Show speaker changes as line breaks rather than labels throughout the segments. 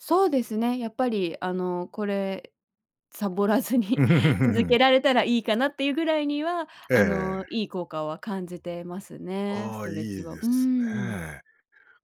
そうですね、やっぱりあの、これサボらずに続け られたらいいかなっていうぐらいには、
え
あの、
え。
いい効果は感じてますね。ス
ああ、
ト
い
レッチ
い
は。う
で
ー
す
ん。
ね。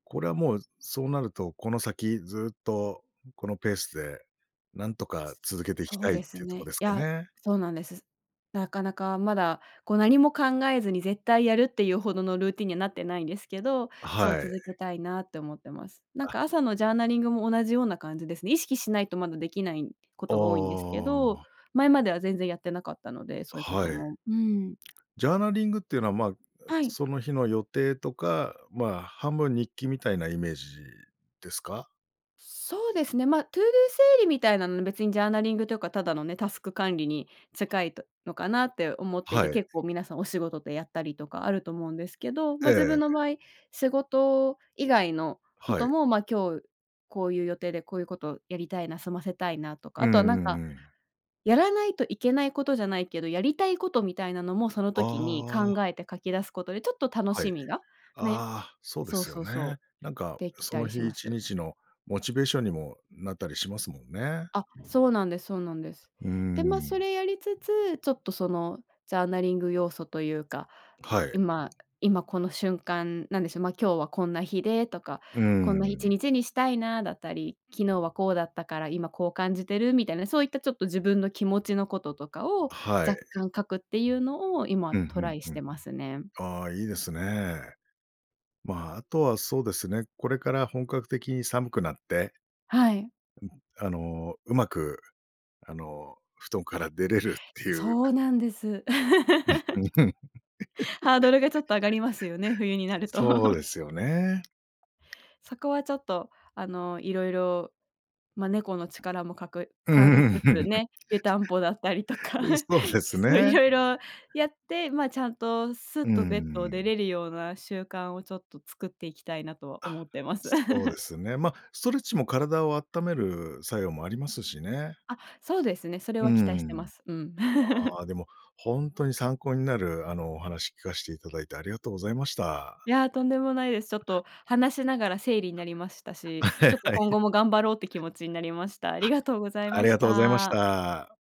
これはもう、そうなるとこの先ずっと、このペースでなんとか続けていき
そう
たいっ
で
て
す
いうとこ
ね。
で
い
すか
や、
ね？
そうなんです。なかなかまだ、こう何も考えずに絶対やるっていうほどのルーティンにはなってないんですけど、
あ、
そう
は
続
い。
けたいなって思ってます。なん
あ。
か朝のジャーナリングも同じような感じですね。意識しないとまだ出来ないこ
あ
とが多いんですけど、
あ。
前までは全然やってなかったので、
あ、
そういうこ
は
と
い。
も。うーん。
ジャーナリングっていうのは、ま、あ、
はい。
その日の予定とか、まあ、半分日記みたいなイメージですか？
そうですね、ま、ToDo 整理みたいなのは別にジャーナリングとか、ただのね、タスク管理に近いとのかなって思ってい
は
て、
い。
結構皆さんお仕事でやったりとかあると思うんですけど、
え
ま、自分
え。
の場合、仕事以外のこ
は
と
い。
も、ま、今日、こういう予定でこういうことやりたいな、済ませたいなとか、
う
あとは
んうん
なんか、
うん。
やらないといけないことじゃないけど、やりたいことみたいなのも、その
あ
時に考
あ。
えて書き出すことで、ちょっと楽
はい。
しみが、ね、
ああ、そうで
そう
すよ
そう
ね。
そう、
なんか、
でき
そ
た
の
りし
日い
ま
ち
す。
にちのモチベーションにもなったりしますもんね。
あ、そうなんですそうなんです。
うー
で、ま、そ
ん。
れやりつつ、ちょっとその、ジャーナリング要素というか、
はい。
今今この瞬間なんでしょう、ま、今日はこんな日で、とか、
うー
こんないち
ん。
にちにしたいなだったり、昨日はこうだったから今こう感じてるみたいな、そういったちょっと自分の気持ちのこととかを
あ、はい。
若干書くっていうのを、今
うん、
ト
ふ
ラ
ん
イし
ふん。
てますね。
ああ、いいですね。ま、あとはそうですね、これから本格的に寒くなって
はい。
ん、あのうまく、あの、布団から出れるっていう。
そうなんです。ハードルがちょっと上がりますよね、冬になると。
そうで すよね。
そこはちょっと、あの、色々、ま、猫の力もかく
う
借り
ん。
つつね、湯たんぽだったりと か、
うん、そうです
そう、
ね。
色々やって、ま、ちゃんとス
う
ッ
ー
とベッドを出
ん。
れるような習慣をちょっと作っていきたいなとは
あ、
思ってます。
そうで すね。ま、ストレッチも体をあっためる作用もありますしね。
あ、そうですね。それ
う
は期待してま
ん。
す。うん。
ああ、でもほんとに参考になる、あの、お話聞かしていただいてありがとうございまし
い
た。
やとんでもないです。ちょっと話しながら整理になりましたし、
あ、
ちょっと
は
今
い。
後も頑張ろうって気持ちになりました。ありがとうござい
あ
ま
り
し
がとうございまし
た。
た。